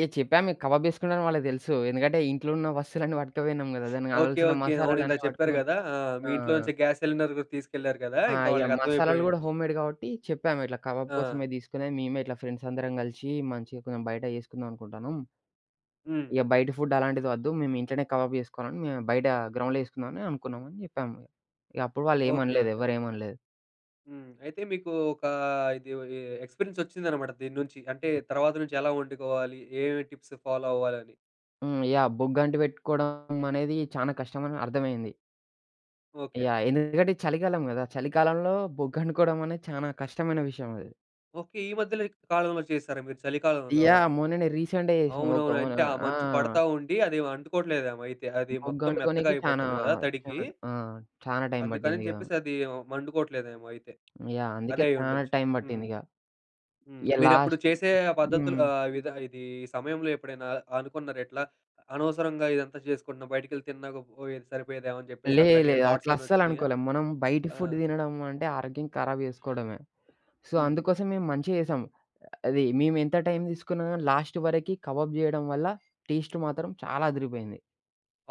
ఏహ్! చెప్పాం మేం కబాబ్ చేసుకుంటాం అని, వాళ్ళకి తెలుసు. ఎందుకంటే ఇంట్లో ఉన్న వస్తువులన్నీ పట్టుకుపోయినం గదా! దానికి ఓకె, కావాల్సిన ఓకె. అవును. అవును. మసాలాలన్నీ ఇందాక చెప్పారు పటకపోయినం. గదా! ఆ! ఆ! మీ ఇంట్లో నుంచే గ్యాస్ సిలిండర్ తీసుకెళ్లారు గదా! ఆ! ఇంకా ఇగ వాళ్ళకి అర్థం అయిపోయి మసాలాలు గూడా ఉండిది. హోమ్మేడ్ కాబట్టి చెప్పాం, ఇట్లా కబాబ్ ఆ! కోసమే తీసుకొని, మేమే ఇట్లా ఫ్రెండ్స్ అందరం కలిసి మంచిగా కొంచెం బయట చేసుకుందాం అనుకుంటాన్నాం. హ్మ్. ఇగ బయట ఫుడ్ అలాంటిది వద్దు. మేము ఇంట్లోనే కబాబ్ చేసుకోవాలని, మేము బయట గ్రౌండ్‌లో చేసుకుందాం అనుకున్నాం, అని చెప్పాం, ఇగ అప్పుడు వాళ్ళు ఏం ఓకె, అనలేదు. ఓకె. ఎవరు ఏం అనలేదు. హ్మ్, అయితే మీకు ఒక ఇది ఒది ఎక్స్పీరియన్స్ ఒచ్చిందన్నమాట దీన్నుంచి. అంటే తర్వాత నుంచి, ఎలా వండుకోవాలి? ఏం టిప్స్ ఫాలో అవ్వాలి అని. హ్మ్, యాహ్! బొగ్గంటి పెట్టుకోవడం, అనేది చాన కష్టమని అర్థమయింది. ఓకె. యాహ్! ఎందుకంటే చలికాలం గదా! చలికాలంలో బొగ్గ అంటుకోడం అనేది, చానా కష్టమైన విషయం అది. ఓకె. ఈ మధ్యలో కాలంలో చేసారా, మీరు చలికాలంలో? యాహ్! మొన్ననే రీసెంట్‌గా జెసినం ఒక అవునవును. మన అంటే ఆ ఆ! మంచు పడతా ఉండి, అది అంటుకోవట్లేదేమో అయితే. అది మొత్తం మెత్తగా బొగ్గంటుకోనికి చానా, అయిపోతది కదా! తడికి. చానా ఆ! చానా టైమ్ పట్టింది అందుకని ఇగా. చెప్పేసి అది మండుకోవట్లేదేమో అయితే. యాహ్! అందుకే అదే చానా అయ్యుండొచ్చు. టైమ్ హ్మ్, పట్టింది ఇగ. హ్మ్. ఇగ మీరు అప్పుడు లాస్ట్ చేసే ఆ పద్ధతులు హ్మ్. అహ్, విధ ఇది సమయంలో ఎప్పుడైనా అ అనుకున్నారా ఇట్లా, అనవసరంగా ఇదంతా చేసుకుంటున్నా, బయటికెళ్ళి తిన్నాక, పోయేది సరిపోయేదేమో అని చెప్పేసి, లేదు, అట్లాంటి లేదు. థాట్స్ అట్లా ఏమైనా వచ్చినియా? అస్సలనుకోలేం, మనం బయటి ఆ! ఫుడ్ తినడం అంటే ఆరోగ్యం ఖరాబ్ చేసుకోవడమే. సో, హ్మ్. అందుకోసం మేం మంచిగా చేసాం. అది మేము ఎంత టైం తీసుకున్నా, గాని లాస్ట్ వరకి కబాబ్ చేయడం వల్ల టేస్ట్ మాత్రం, చాలా అదిదిరిపోయింది.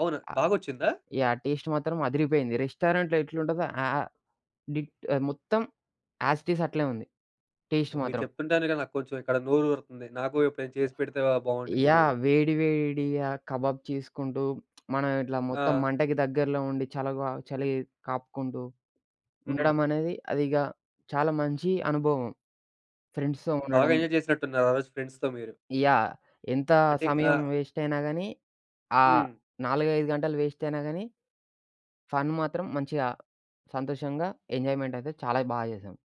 అవునా, బాగొచ్చిందా? యాహ్! టేస్ట్, మాత్రం అదిరిపోయింది. రెస్టారెంట్‌లో ఎట్లుంటదో ఆహ్, డిట్ మొత్తం యాస్ ఇట్ ఇజ్ అట్లే ఉంది టేస్ట్ అబ్బో! మీరు మాత్రం. చెప్తుంటేనే, నాకు కొంచెం ఇక్కడ నోరూరతుంది. నాకు ఎప్పుడైనా చేసి పెడితే ఆహ్, బావుండిది యాహ్! మీరు. వేడి, వేడిగా కబాబ్ చేసుకుంటూ, మనం ఇట్లా మొత్తం ఆ! మంటకి దగ్గరలో ఉండి, చలగా చలి కాపుకుంటూ హ్మ్. ఉండడం అనేది, అది ఇగ చాలా మంచి అనుభవం ఫ్రెండ్స్‌తో బాగా ఉండడం. ఎంజాయ్ చేసినట్టు ఉన్నారు, ఆ రోజు ఫ్రెండ్స్‌తో మీరు. యాహ్! ఎంత అంటే, అ సమయం వేస్ట్ అయినా గాని, ఆహ్, హ్మ్. 4, 5 గంటలు వేస్ట్ అయినా గాని, ఫన్ మాత్రం మంచిగా, సంతోషంగా, ఎంజాయ్మెంట్ అయితే చాలా బాగా చేసాం.